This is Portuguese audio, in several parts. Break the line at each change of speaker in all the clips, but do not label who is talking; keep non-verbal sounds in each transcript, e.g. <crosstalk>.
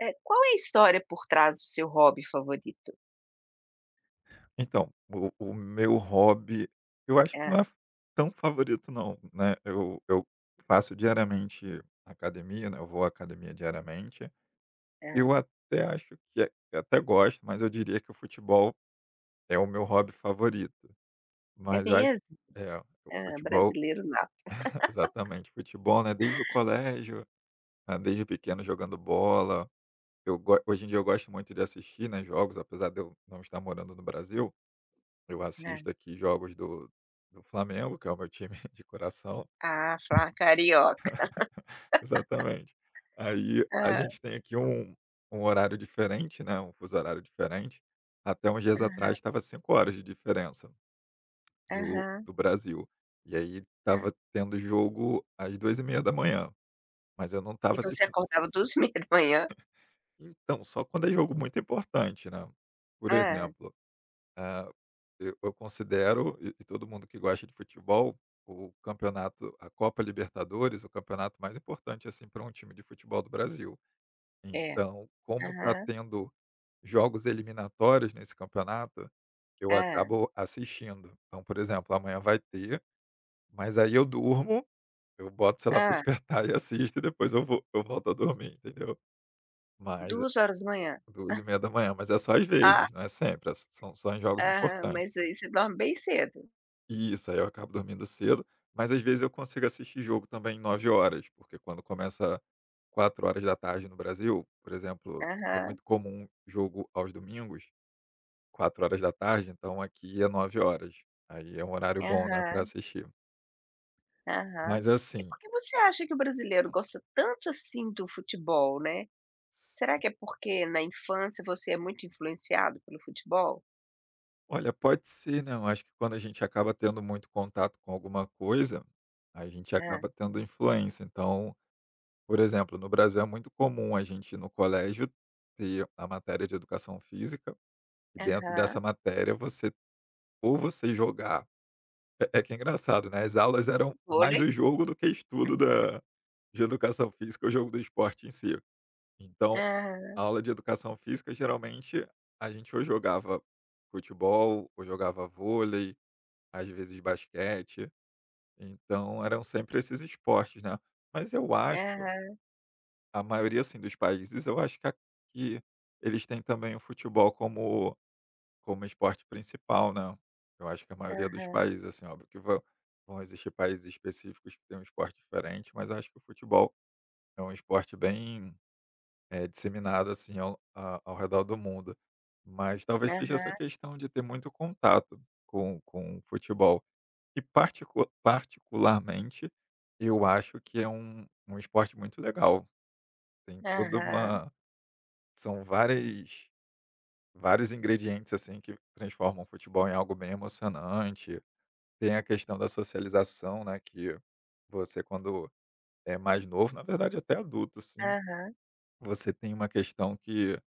Eh Qual é a história por trás do seu hobby favorito?
Então, o o o meu hobby, eu acho que não é
Hã.
f tão favorito não, né, eu eu faço diariamente academia, né, eu vou à academia diariamente. Eu
Hã.
até acho que é eu até gosto, mas eu diria que o futebol é o meu hobby favorito.
É
Mas acho,
mesmo?
eh, o
Hã,
futebol
brasileiro nato.
<chuckles>
<laughs>
Exatamente, futebol, né, desde o colégio, né, desde pequeno jogando bola. Eu go hoje em dia, eu gosto muito de assistir, né, jogos, apesar de eu não estar morando no Brasil, eu
Hã.
assisto aqui jogos do do Flamengo, que é o meu time de coração.
Ah, <unintelligible> carioca.
<laughs> Exatamente. Aí
<laughs>
a
Hã.
gente tem aqui um um horário diferente, né, um fuso horário diferente. Até uns dias
Aham.
atrás, estava 5 horas de diferença do
Aham.
do Brasil. E aí
Hã.
estava tendo jogo às 2h30, mas eu não
E
estava
você
assistin
acordava 2h30?
<chuckles> Então, só quando é jogo muito importante, né, por
Hã.
exemplo, eh, e eu considero, e todo mundo que gosta de futebol, o campeonato, a Copa Libertadores, o campeonato mais importante, assim, pra um time de futebol do Brasil.
É.
Então, como tá
Aham.
tendo jogos eliminatórios nesse campeonato, eu
Hã.
acabo assistindo. Então, por exemplo, amanhã vai ter, mas aí eu durmo, eu boto o celular pra
Hã.
despertar e assisto e depois eu vou eu volto a dormir, entendeu? Mas, eh
2h.
duas e
<chuckles>
meia da manhã, mas é só às
Hã.
vezes, não é sempre, é s são só em jogos
Aham,
importantes.
mas aí você dorme bem cedo.
Isso, aí eu acabo dormindo cedo, mas às vezes eu consigo assistir jogo também 21:00, porque quando começa 4:00 no Brasil, por exemplo, é
Aham.
muito comum jogo aos domingos 4:00, então aqui é 21:00. Aí é um horário bom, né, pra
Aham.
assistir.
Aham.
Mas
E
assim.
por que você acha que o brasileiro gosta tanto assim do futebol, né, será
Sim.
que é porque na infância você é muito influenciado pelo futebol?
Olha, pode ser, né, eu acho que quando a gente acaba tendo muito contato com alguma coisa, a gente
Ah.
acaba tendo influência. Então, por exemplo, no Brasil é muito comum a gente, no colégio, ter a matéria de educação física e dentro dessa
Aham.
matéria você ou você jogar, é-é que é engraçado, né, as aulas eram mais
Volei.
o jogo do que estudo da de educação física, o jogo do esporte em si. Então,
Aham.
aula de educação física, geralmente a gente ou jogava futebol ou jogava vôlei, às vezes basquete, então eram sempre esses esportes, né, mas eu acho,
Aham.
a maioria, assim, dos países, eu acho que a que eles têm também o futebol como como esporte principal, né, eu acho que a maioria dos
Aham.
países, assim, óbvio que vão vão existir países específicos que têm um esporte diferente, mas eu acho que o futebol é um esporte bem, eh, disseminado, assim, ao a ao redor do mundo, mas talvez seja essa
Aham.
questão de ter muito contato com com o futebol e, particu particularmente, eu acho que é um um esporte muito legal, tem toda
Aham.
uma são várias vários ingredientes, assim, que transformam o futebol em algo bem emocionante, tem a questão da socialização, né, que você quando é mais novo, na verdade até adulto, sim,
Aham.
você tem uma questão que.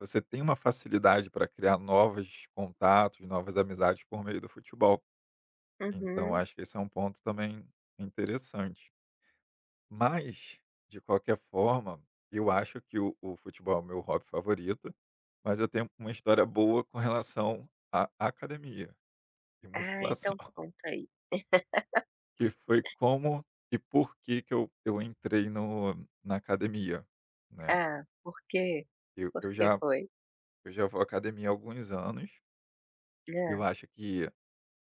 Você tem uma facilidade para criar novos contatos, novas amizades por meio do futebol. Então
Uhum.
acho que esse é um ponto também interessante. Mas de qualquer forma, eu acho que o o futebol é meu hobby favorito, mas eu tenho uma história boa com relação à academia, e
Ah
musculação.
então conta aí.
Que foi
<laughs>
como e por que que eu eu entrei no na academia, né.
Ah, por quê?
Eu eu
Porque
já
foi?
eu já vou à academia há alguns anos eu
Ah.
acho que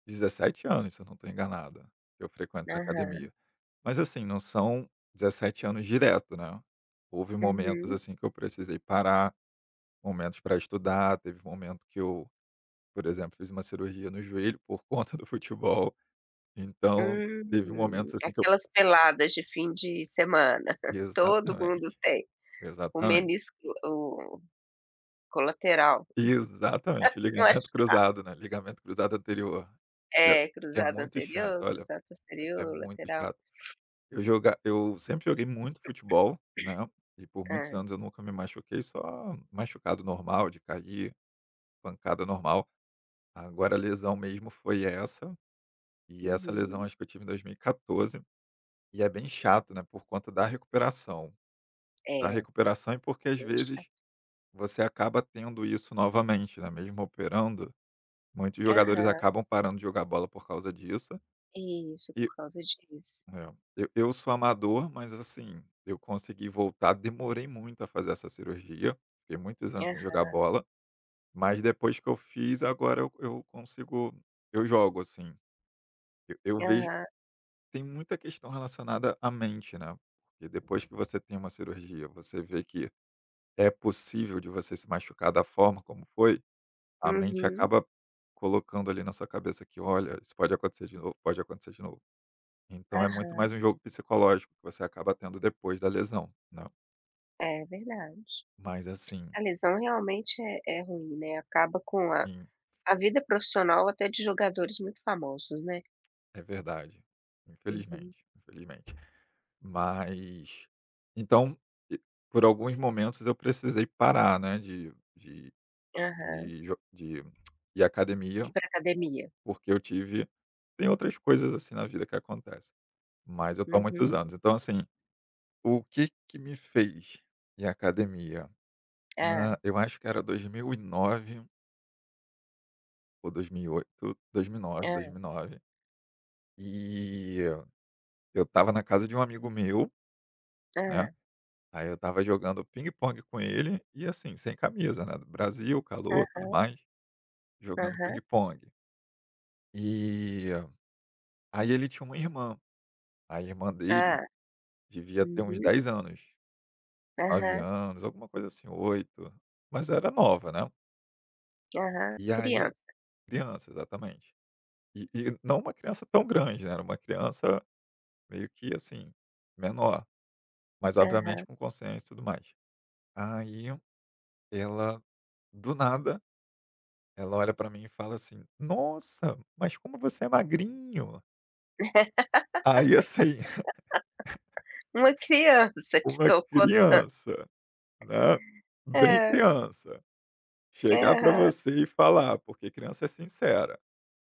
17 anos se eu não estou enganado, que eu frequento na
Aham.
academia. Mas assim não são 17 anos direto, né. Houve momentos
Uhum.
assim que eu precisei parar, momentos para estudar, teve momento que eu, por exemplo fiz uma cirurgia no joelho por conta do futebol. Então, teve
Hum.
momentos assim que eu.
Aquelas peladas de fim de semana <chuckles> todo
Exatamente,
mundo tem, o
exatamente.
menisco o colateral.
Exatamente,
É, <chuckles> eu acho
ligamento cruzado, né, ligamento cruzado anterior. Que
É,
que é
cruzado
muito chato,
anterior,
olha.
cruzado
É
posterior,
muito
lateral.
chato. Eu jogava eu sempre joguei muito futebol, né, e por
<clears throat>
muitos
Ah.
anos eu nunca me machuquei, só machucado normal, de cair, pancada normal. Agora a lesão mesmo foi essa, e essa lesão
Uhum.
acho que eu tive em 2014, e é bem chato, né, por conta da recuperação da
É.
recuperação e porque, às
Deixa.
vezes, você acaba tendo isso novamente, né, mesmo operando, muitos jogadores
Aham.
acabam parando de jogar bola por causa disso.
Isso,
E,
por causa disso.
eh, eu eu sou amador, mas, assim, eu consegui voltar, demorei muito a fazer essa cirurgia, fiquei muitos anos sem jogar
Aham.
bola, mas depois que eu fiz, agora eu eu consigo eu jogo, assim. Eu vejo,
Aham.
tem muita questão relacionada à mente, né. Porque depois que você tem uma cirurgia, você vê que é possível de você se machucar da forma como foi, a mente
Uhum.
acaba colocando ali na sua cabeça que, olha, isso pode acontecer de novo pode acontecer de novo. Então é muito mais
Aham.
um jogo psicológico que você acaba tendo depois da lesão, né.
É verdade.
Mas assim.
A lesão realmente é é ruim, né, acaba com a
Sim.
a vida profissional até de jogadores muito famosos, né.
É verdade,
Uhum.
infelizmente, infelizmente. Mas, então, por alguns momentos eu precisei parar, né, de de
Aham.
de jo de <clicks tongue> de ir à
Ir
academia,
para academia.
porque eu tive tem outras coisas, assim, na vida que acontece, mas eu estou há muitos
Uhum.
anos. Então, assim, o que que me fez ir à academia? Ah.
Hã.
Eu acho que era 2009. ou 2008, 2009- dois
Hã.
mil e nove, e eu estava na casa de um amigo meu, né,
Hã.
aí eu estava jogando pingue-pongue com ele e assim, sem camisa, né, no Brasil, calor, tudo
Aham.
mais, jogando
Aham.
pingue-pongue e, aí ele tinha uma irmã, a irmã dele
Hã,
devia ter uns
uhum.
10 anos, 9
Aham.
anos, alguma coisa assim, 8, mas era nova, né.
Aham,
E aí
criança.
criança, exatamente. E e não uma criança tão grande, né, era uma criança, meio que assim, menor, mas obviamente
Aham.
com consciência e tudo mais. Aí, ela do nada, ela olha para mim e fala assim: "Nossa, mas como você é magrinho!". Aí, assim. <laughs>
<laughs> Uma criança te
Uma
tocou tan
criança, né, bem
Hã.
criança, chegar para
Aham.
você e falar, porque criança é sincera,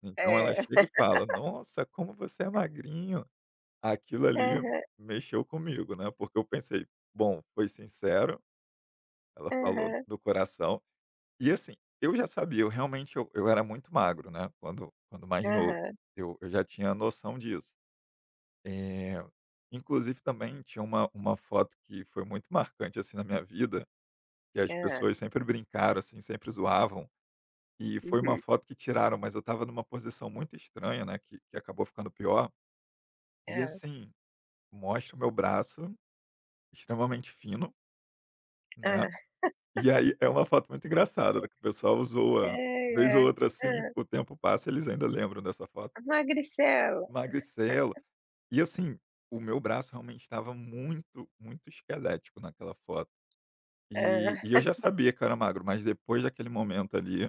então ela
É.
chega e fala:
<laughs>
"Nossa, como você é magrinho!". Aquilo ali
Aham.
mexeu comigo, né, porque eu pensei: "Bom, foi sincero, ela falou
Aham.
do coração", e, assim, eu já sabia, eu, realmente, eu eu era muito magro, né. Quando quando mais novo,
Aham.
eu eu já tinha noção disso, eh, inclusive também tinha uma uma foto que foi muito marcante, assim, na minha vida, que as
Hã.
pessoas sempre brincaram, assim, sempre zoavam, e foi uma
Uhum.
foto que tiraram, mas eu estava em uma posição muito estranha, né, que que acabou ficando pior, e,
Hã.
assim, mostra o meu braço, extremamente fino né,
Hã.
e aí é uma foto muito engraçada, que o pessoal zoa vez ou outra,
<laughs> <unintelligible>
assim,
Hã.
o tempo passa eles ainda lembram dessa foto.
Magricelo.
Magricelo, e,
<laughs>
assim, o meu braço, realmente, estava muito, muito esquelético naquela foto, e
Hã.
e eu já
<chuckles>
sabia que eu era magro, mas depois daquele momento ali,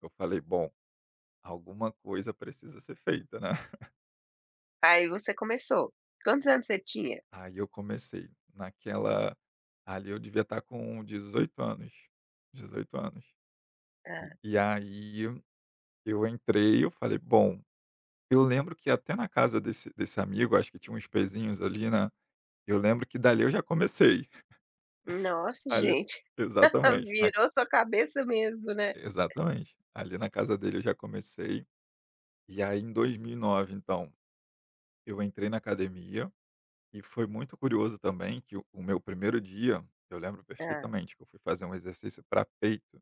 eu falei: "Bom, alguma coisa precisa ser feita", né. <laughs>
Aí você começou, quantos anos você tinha?
Aí eu comecei, naquela ali eu devia estar com 18 anos, 18 anos,
Hã.
e aí, eu entrei, eu falei: "Bom", eu lembro que até na casa desse desse amigo, acho que tinha uns pezinhos ali, né, eu lembro que dali eu já comecei. <laughs>
Nossa
Ali
gente, <laughs>
Exatamente, na
virou sua cabeça mesmo, né.
Exatamente. Ali na casa dele eu já comecei, e aí, em 2009, então, eu entrei na academia, e foi muito curioso também que o meu 1º dia, eu lembro
Hã.
perfeitamente que eu fui fazer um exercício pra peito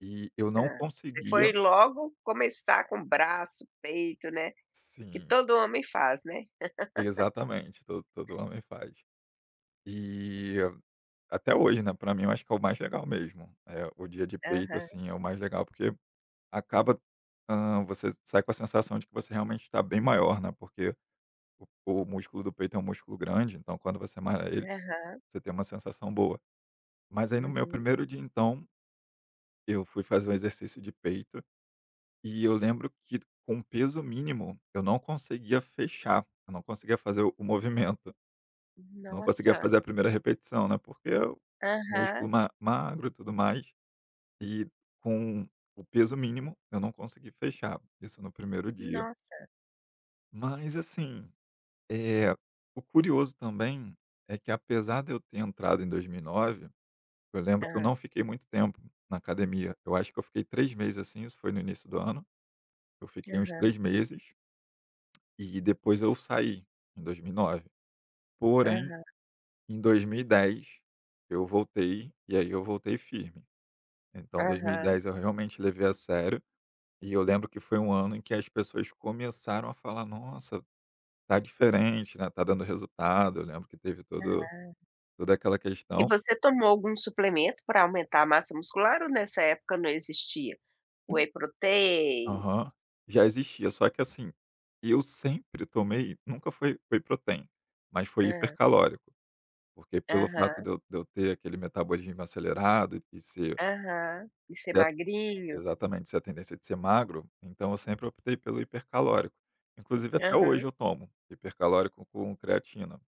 e eu não
Hã. Você
conseguia
foi logo começar com braço, peito, né, que
Sim.
todo homem faz né.
Exatamente, to todo
<laughs>
homem faz, e até hoje, né, para mim, eu acho que é o mais legal mesmo, é o dia de peito,
Aham.
assim, é o mais legal, porque, acaba, hã, você sai com a sensação de que você realmente está bem maior, né, porque o o músculo do peito é um músculo grande, então, quando você malha ele,
Aham.
você tem uma sensação boa. Mas aí, no meu
Uhum.
1º dia, então eu fui fazer um exercício de peito, e eu lembro que, com peso mínimo, eu não conseguia fechar, eu não conseguia fazer o o movimento. Não conseguia
Nossa!
fazer a 1ª repetição, né, porque o músculo
Aham.
ma magro e tudo mais, e com o peso mínimo eu não consegui fechar, isso no 1º dia.
Nossa!
Mas, assim, eh, o curioso também é que, apesar de eu ter entrado em 2009, eu lembro que eu não
Hã.
fiquei muito tempo na academia, eu acho que eu fiquei 3 meses, assim, isso foi no início do ano, eu fiquei uns
Aham.
3 meses. E depois eu saí, em 2009. Porém, em 2010 eu voltei, e aí eu voltei firme. Então, 2010 eu realmente levei a sério e eu lembro que foi um ano em que as pessoas começaram a falar: "Nossa, tá diferente, né, tá dando resultado". Eu lembro que teve todo
Ah.
toda aquela
E
questão.
você tomou algum suplemento pra aumentar a massa muscular ou nessa época não existia whey protein?
Aham. Já existia, só que assim, eu sempre tomei, nunca foi whey protein, mas foi
Hã.
hipercalórico, porque pelo fato
Aham.
de eu de eu ter aquele metabolismo acelerado e e ser
Aham. De ser
É
magrinho.
Exatamente, essa tendência de ser magro, então, eu sempre optei pelo hipercalórico. Inclusive, até hoje
Aham.
eu tomo hipercalórico com creatina.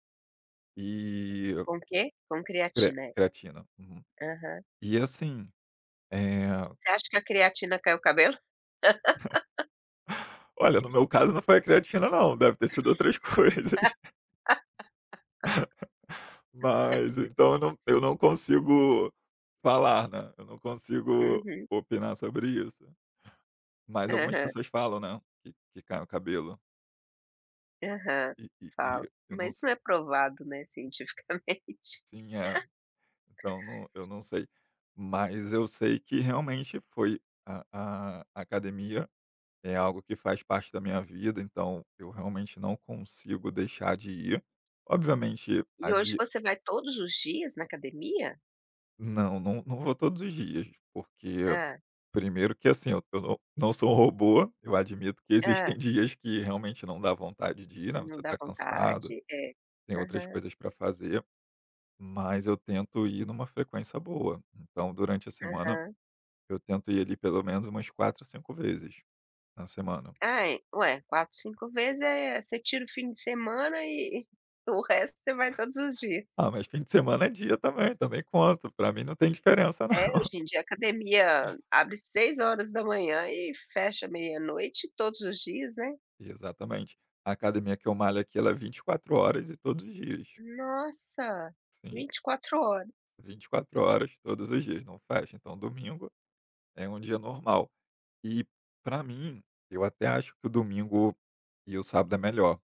E
Com o quê? Com
Cre
creatina, é.
creatina. Uhum.
Aham.
E assim, eh
Você acha que a creatina cai o cabelo?
<chuckles>
<laughs>
Olha, no meu caso não foi a creatina não, deve ter sido outras coisas. <chuckles> Mas, então, eu não eu
<laughs>
não consigo falar, né, eu não consigo
Uhum.
opinar sobre isso. Mas algumas
Aham.
pessoas falam, né, que que cai o cabelo.
Aham,
E e
falo,
e eu não
mas
se
não é provado, né, cientificamente.
Sim é,
<laughs>
então não eu não sei, mas eu sei que realmente foi a a academia, é algo que faz parte da minha vida então, eu realmente não consigo deixar de ir. Obviamente, a
E hoje
de
você vai todos os dias na academia?
Não, não não vou todos os dias, porque,
Hã.
primeio que assim, eu eu não sou um robô, eu admito que existem
Hã.
dias que realmente não dá vontade de ir, não
Não
você
dá
está cansado,
vontade, é.
tem outras
Aham.
coisas para fazer, mas eu tento ir em uma frequência boa. Então durante a semana,
Aham.
eu tento ir ali, pelo menos umas 4, 5 vezes, na semana.
Ai, ué, 4 5 vezes é, você tira o fim de semana e o resto você vai todos os dias.
Ah, mas fim de semana é dia também, também conto, para mim não tem diferença não.
É,
<chuckles>
hoje em dia a academia abre 6h00 e fecha meia-noite todos os dias, né.
Exatamente, a academia que eu malho aqui ela é 24 horas e todos os dias.
Nossa,
Sim.
24 horas.
24 horas, todos os dias, não fecha, então domingo, é um dia normal e para mim, eu até acho que o domingo e o sábado é melhor,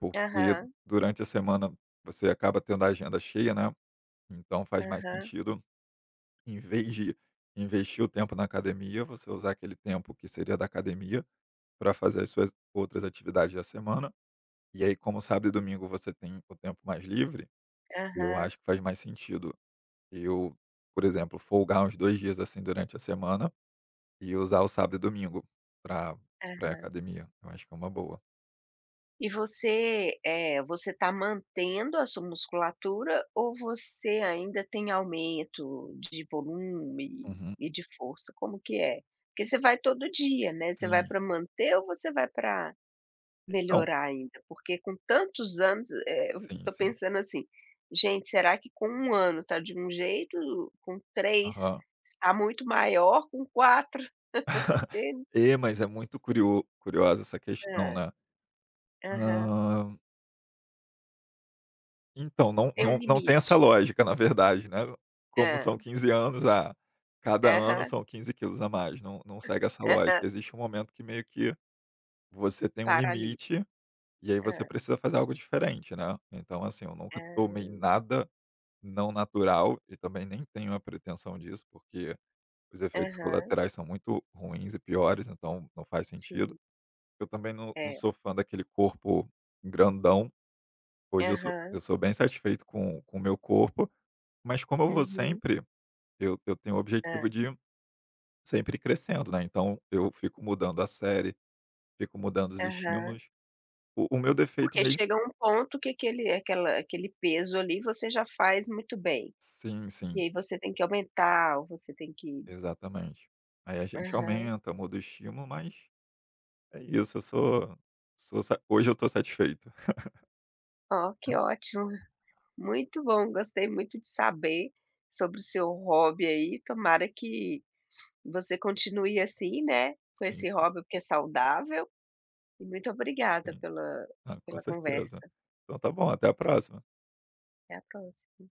porque
Aham.
durante a semana você acaba tendo a agenda cheia, né, então faz mais
Aham.
sentido, em vez de investir o tempo na academia, você usar aquele tempo, que seria da academia, para fazer as suas outras atividades da semana e aí como sábado e domingo você tem o tempo mais livre, eu
Aham.
acho que faz mais sentido. Eu, por exemplo folgar uns 2 dias assim, durante a semana e usar o sábado e domingo para pra ir à
Aham.
academia, eu acho que é uma boa.
E você, eh, você está mantendo a sua musculatura ou você ainda tem aumento de volume
Uhum.
e de força? Como que é? Porque você vai todo dia, né, você vai
Sim.
para manter ou você vai para
Então
melhorar, ainda? Porque, com tantos anos, eh,
Sim,
estou
sim.
pensando assim: "Gente será que com 1 ano está de um jeito, ou com 3
Aham.
está muito maior, com 4?
<chuckles>
<laughs> <unintelligible>
E, mas é muito curioso curiosa essa questão,
Hã.
né.
Aham.
Hã Então, não
Tem um
não não tem essa
limite.
lógica, na verdade, né. Como
Hã.
são 15 anos, a cada ano
Aham.
são 15 quilos a mais, não não segue essa
Aham.
lógica. Existe um momento que meio que, você tem um
Paralisa.
limite, e aí você
Hã.
precisa fazer algo diferente, né. Então, assim, eu nunca tomei
Ah.
nada não natural, e também nem tenho a pretensão disso, porque, os efeitos
Aham.
colaterais são muito ruins e piores, então não faz sentido.
Sim.
Eu também não não
É.
sou fã daquele corpo grandão, hoje eu sou
Aham.
eu sou bem satisfeito com com o meu corpo, mas como eu vou
Uhum.
sempre, eu eu tenho o objetivo
Hã.
de sempre crescendo, né. Então, eu fico mudando a série, fico mudando os
Aham.
estímulos. O o meu defeito
Porque
mesmo
chega a um ponto que aquele aquela aquele peso ali, você já faz muito bem,
Sim,
e
sim.
aí você tem que aumentar ou você tem que
Exatamente. Aí a gente
Aham.
aumenta, muda o estímulo, mas é isso. Eu sou sou hoje eu estou satisfeito. <laughs>
Oh, que ótimo, muito bom. Gostei muito de saber sobre o seu hobby aí, tomara que <sniffs> você continue assim, né, com
Sim,
esse
sim.
hobby porque é saudável, e muito obrigada
Sim.
pela
Ah, com
pela
certeza.
conversa.
Então tá bom, até a próxima.
Até a próxima.